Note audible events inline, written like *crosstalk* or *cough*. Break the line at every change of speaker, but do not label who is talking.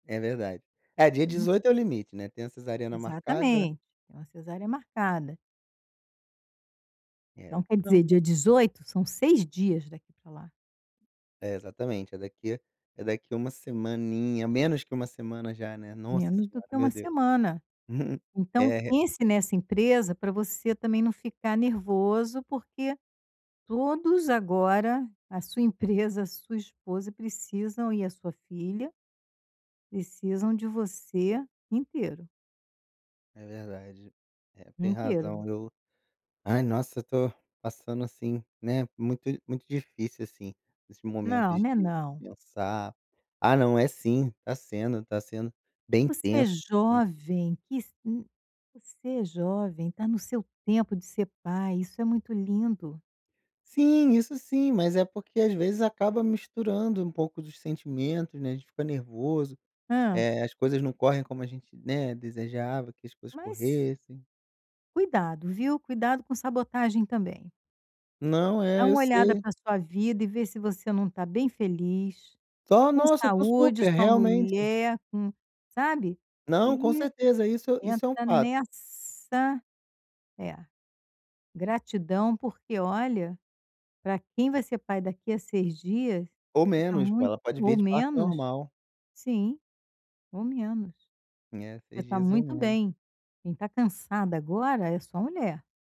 É verdade. É, dia
*unintelligible*
18 é o limite, né. Tem a cesariana marcada.
Exatamente, é uma cesárea marcada. Então,
É.
quer
Não.
dizer, dia 18, são 6 dias daqui para lá.
É, exatamente, é daqui é daqui a uma semaninha, menos que 1 semana já, né. Nossa
Menos do
senhora,
que 1
meu Deus!
semana.
*chuckles*
Então
É re
pense nessa empresa pra você também não ficar nervoso, porque todos agora, a sua empresa, a sua esposa precisam e a sua filha, precisam de você inteiro.
É verdade. É, tem razão.
Inteiro.
Eu, ai, nossa, eu tô passando assim, né, muito muito difícil, assim, esses momento
Não,
de
não é não.
pensar Ah, não, é sim! Tá sendo tá sendo bem
Você é
intenso. Sim.
jovem, que si Você é jovem. Tá no seu tempo de ser pai. Isso é muito lindo.
Sim, isso sim. Mas é porque, às vezes, acaba misturando um pouco dos sentimentos, né. A gente fica nervoso.
Hã?
Eh, as coisas não correm como a gente, né, desejava que as coisas
Mas
corressem.
Cuidado, viu, cuidado com sabotagem também.
Não,
Dá
é, eu
uma olhada
sei.
pra sua vida e vê se você não tá bem feliz,
Só,
com
nossa, eu tô
saúde.
super!
Sua
Realmente.
mulher com sabe.
Não, com
E
certeza, isso isso é um
entra
fato.
nessa É. Gratidão, porque, olha, pra quem vai ser pai daqui a 6 dias,
Ou
você tá
menos, pô.
muito
Ela pode
Ou
vir de parto
menos.
normal.
Sim! Ou menos.
É,
Você
6
tá
dias ou
muito
menos.
bem. Quem tá cansada agora é sua mulher.